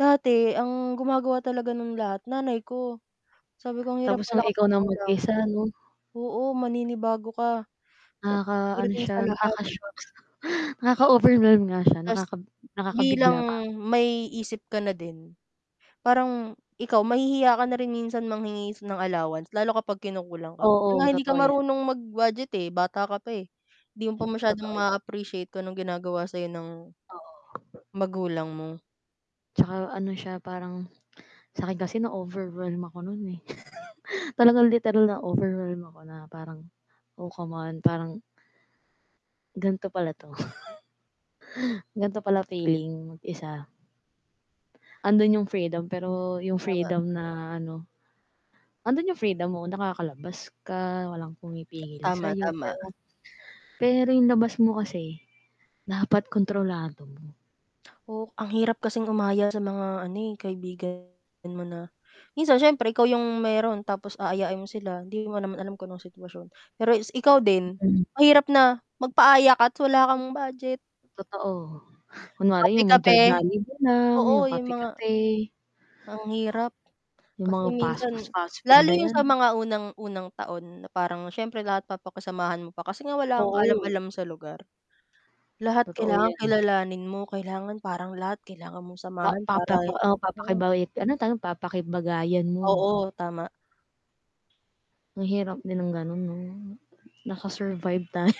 Dati, ang gumagawa talaga nun lahat, nanay ko. Sabi ko, "Ang hirap Tapos ang pala ikaw kapag na ikaw lang." mag-isa, 'no? Oo, maninibago ka. Sap Nakaka-ano pagdating siya, sa lahat. nakaka-shocks. Nakaka-overwhelm nga siya, Tas, nakakab bilang nakakabigla, parang may isip ka na din, parang ikaw mahihiya ka na rin minsan manghingi ng allowance, lalo kapag kinukulang ka. Kasi nga Oo, hindi ka totoo yan. marunong mag-budget, eh, bata ka pa, eh. Hindi mo pa masyadong Totoo yan. ma-appreciate kung anong ginagawa sa'yo ng Oo. magulang mo. Tsaka ano siya, parang sakin kasi na-overwhelm ako no'n, eh. Talagang literal na overwhelm ako na parang, oh, come on, parang gan'to pala 'to. Gan'to pala feeling mag-isa. Ando'n yung Hmm. freedom pero yung Tama. freedom na ano ando'n yung freedom mo, nakakalabas ka, walang pumipigil Tama, sayo tama. pero pero yung labas mo kasi, dapat kontrolado mo. O ang hirap kasing umaya sa mga ano, eh, kaibigan mo na minsan siyempre, ikaw yung meron tapos aayain mo sila, hindi mo naman alam kung anong sitwasyon. Pero is ikaw din, Mm. mahirap na magpaaya ka at wala kang budget. Totoo. Kunwari yung Kape-kape. magjo-Jollibee lang, Oo, yung yung mga kape-kape. ang hirap. Yung Kasi mga fast fus minsan fast food, fast food lalo na yung sa yan. mga unang unang taon na parang siyempre lahat papakisamahan mo pa kasi nga wala kang Oo. kaalam-alam sa lugar. Lahat Totoo kailangang yan. kilalanin mo, kailangan parang lahat kailangan mong Pa samahan papapa para oh, mm. papakibay ano? Tanong papakibagayan mo. Oo, tama. Ang hirap din ng gano'n 'no? Nakasurvive tayo.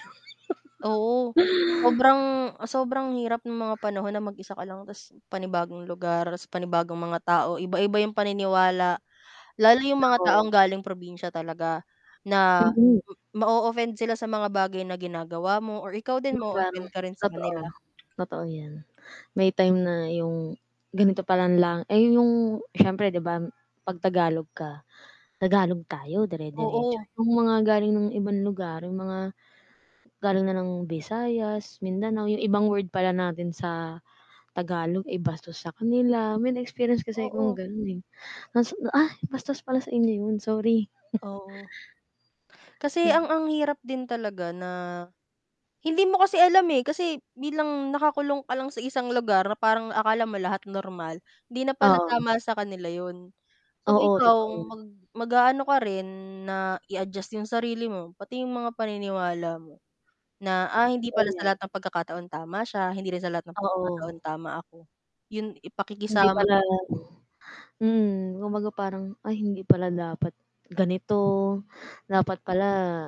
Oo. Sobrang sobrang hirap no'ng mga panahon na mag-isa ka lang tas panibagong lugar tas panibagong mga tao, iba-iba yung paniniwala. Lalo yung mga Oo. taong galing probinsya talaga na Mm. ma-o-offend sila sa mga bagay na ginagawa mo or ikaw din Yung parang ma-o-offend ka rin sa totoo, kanila. totoo 'yan. May time na 'yong ganito pa lang lang ayun yung siyempre 'di ba 'pag Tagalog ka, Tagalog tayo dire-diretso, Oo. yung mga galing ng ibang lugar, yung mga galing na ng Visayas, Mindanao, 'yong ibang word pala natin sa Tagalog ay bastos sa kanila. May na-experience kasi akong Oo. gano'n, eh. Hasu ay, bastos pala sa inyo 'yon, sorry. Oo. Kasi Hmm. ang ang hirap din talaga na hindi mo kasi alam, eh, kasi bilang nakakulong ka lang sa isang lugar na parang akala mo lahat normal, 'di na pala Oo. tama sa kanila yun. So Oo, totoo ikaw, yun. mag mag-a-ano ka rin na i-adjust yung sarili mo, pati yung mga paniniwala mo, na, "Ah, hindi pala Totoo sa yan. lahat ng pagkakataon tama siya, hindi rin sa lahat ng pagkakataon Oo. tama ako." Yun. I Hindi pakikisama pala talaga, eh. mm, kumbaga parang, ay hindi pala dapat ganito, Hmm. dapat pala